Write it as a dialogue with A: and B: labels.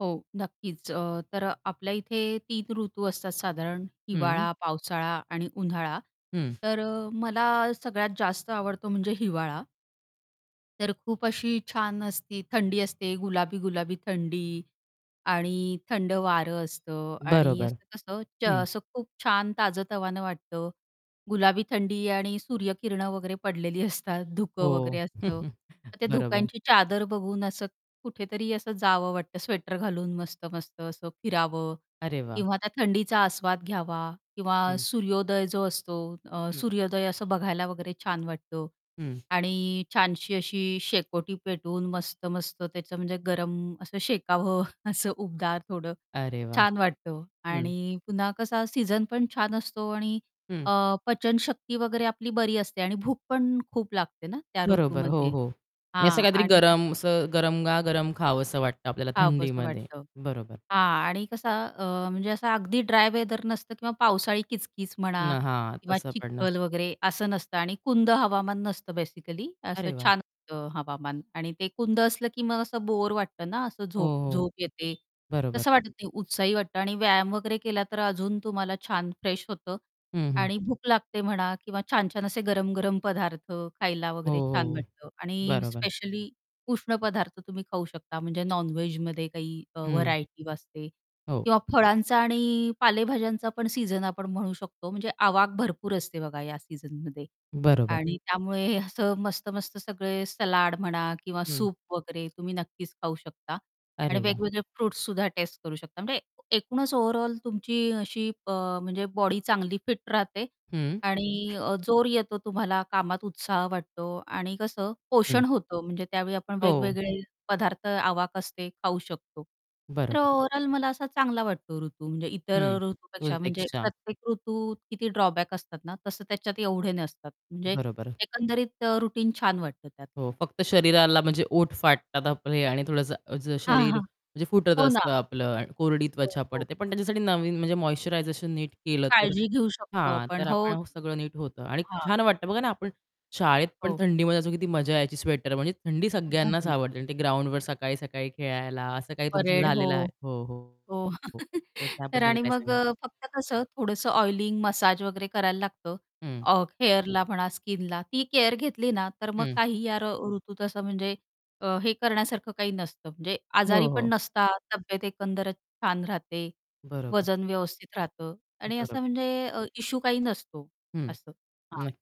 A: हो. नक्कीच. अ, तर आपल्या इथे 3 ऋतू असतात साधारण
B: हं.
A: हिवाळा, पावसाळा आणि उन्हाळा.
B: हं.
A: तर अ, मला सगळ्यात जास्त आवडतो म्हणजे हिवाळा. तर खूप अशी छान असती थंडी असते गुलाबी, गुलाबी थंडी आणि थंड वार असतं आणि
B: बरोबर.
A: असं-कसं च
B: हं.
A: असं खूप छान ताजं-तवानं वाटतं. गुलाबी थंडी आणि सूर्यकिरणं वगैरे पडलेली असतात धुकं वगैरे
B: हो.
A: असतं. तर त्या
B: बरोबर.
A: धुक्यांची चादर बघून असं कुठेतरी असं जावं वाटतं स्वेटर घालून मस्त-मस्त असं फिरावं
B: अरे वाह!
A: किंवा त्या थंडीचा आस्वाद घ्यावा किंवा
B: हं.
A: सूर्योदय जो असतो अ,
B: हं.
A: सूर्योदय असं बघायला वगैरे छान वाटतं
B: हं.
A: आणि छानशी अशी शेकोटी पेटवून मस्त-मस्त त्याचं म्हणजे गरम असं शेकावं असं उबदार थोडं
B: अरे वाह!
A: छान वाटतं
B: हं.
A: आणि पुन्हा कसा सीझन पण छान असतो आणि
B: हं.
A: अ, पचनशक्ती वगैरे आपली बरी असते आणि भूक पण खूप लागते ना, त्या
B: बरोबर. हो,
A: ऋतूमध्ये
B: हो. आणि असं
A: हां.
B: काहीतरी
A: आणि त
B: गरम असं गरमा-गरम खावसं वाटतं आपल्याला
A: खावसं
B: थंडीमध्ये.
A: वाटतं.
B: बरोबर.
A: हां. आणि कसं अ, म्हणजे असं अगदी ड्राय वेदर नसतं किंवा पावसाळी किचकिच
B: न
A: म्हणा
B: हां.
A: किंवा
B: तसं पण नसतं.
A: चिखल वगैरे असं नसतं. आणि कुंद हवामान नसतं बेसिकली असं
B: अरे वाह!
A: छान असंत हवामान आणि ते कुंद असलं, की मग असं बोर वाटतं ना असं
B: हो,
A: झोप
B: हो.
A: झोप येते.
B: बरोबर.
A: तसं वाटत नाही उत्साही वाटतं आणि व्यायाम वगैरे केला, तर अजून तुम्हाला छान फ्रेश होतं
B: हं, हं.
A: आणि भूक लागते म्हणा किंवा छान-छान असे गरम, गरम पदार्थ खायला
B: हो,
A: वगैरे छान
B: हो.
A: वाटतं. आणि
B: बरोबर.
A: स्पेशली उष्ण पदार्थ तुम्ही खाऊ शकता म्हणजे नॉन-व्हेजमध्ये काही अ,
B: हं.
A: व्हरायटी असते
B: हो.
A: किंवा फळांचा आणि पालेभाज्यांचा पण सीझन आपण म्हणू शकतो म्हणजे आवाक भरपूर असते बघा या सीझनमध्ये.
B: बरोबर.
A: आणि त्यामुळे असं मस्त-मस्त सगळे सलाड म्हणा किंवा
B: हं.
A: सूप वगैरे तुम्ही नक्कीच खाऊ शकता. आणि
B: अरे वाह!
A: वेगवेगळे फ्रुट्ससुद्धा टेस्ट करू शकता. म्हणजे एकूणच ओव्हरऑल तुमची अशी प म्हणजे बॉडी चांगली फिट राहते
B: हं.
A: आणि अ, जोर येतो तुम्हाला, कामात उत्साह वाटतो आणि कसं
B: हं.
A: पोषण होतं म्हणजे त्यावेळी आपण
B: हो.
A: वेगवेगळे पदार्थ आवाक असते खाऊ शकतो. तर
B: बरोबर.
A: ओव्हरऑल मला असा चांगला वाटतो ऋतू म्हणजे इतर
B: हं. 2
A: ऋतूपेक्षा म्हणजे
B: पेक्षा
A: प्रत्येक ऋतूत किती ड्रॉबॅक असतात ना तसं त्याच्यात एवढे नसतात. म्हणजे
B: बरोबर.
A: एकंदरीत रुटीन छान वाटतं त्यात
B: हो.
A: मला.
B: फक्त शरीराला म्हणजे ओठ फाटतात आपले आणि थोडंसं अज
A: हां,
B: शरीर
A: हां.
B: म्हणजे फुटत
A: हो ना.
B: असतं आपलं कोरडी
A: हो,
B: त्वचा
A: हो.
B: पडते, पण त्याच्यासाठी नवीन म्हणजे मॉइश्चरायझेशन नीट केलं, तर
A: काळजी घेऊ शकतो
B: हां.
A: आपण
B: तर
A: हो
B: आपण
A: ना.
B: सगळं नीट होतं आणि
A: हां.
B: छान वाटतं बघा ना आपण शाळेत पण
A: हो.
B: थंडीमध्ये असू किती मजा यायची स्वेटर म्हणजे थंडी सगळ्यांनाच
A: घालून.
B: आवडते. आणि ते ग्राउंडवर सकाळी-सकाळी खेळायला असं काही तुमचं
A: परेड.
B: झालेलं आहे?
A: हो,
B: हो, हो,
A: हो.
B: हो. तर
A: तर
B: त्याबद्दल
A: आणि
B: काय
A: मग
B: सांगाल?
A: अ, फक्त कसं थोडंसं ऑइलिंग, मसाज वगैरे करायला लागतं.
B: हं.
A: अ, हेअरला म्हणा, स्किनला ती केअर घेतली ना, तर मग
B: हं.
A: काही यार ऋतूत असं म्हणजे अ, हे करण्यासारखं काही नसतं म्हणजे आजारी
B: हो,
A: पण
B: हो.
A: नसतात तब्येत एकंदरच छान राहते.
B: बरोबर.
A: वजन व्यवस्थित राहतं आणि
B: बरोब
A: असं म्हणजे अ, इश्यू काही नसतो.
B: हं.
A: असं.
B: नक्क
A: हां.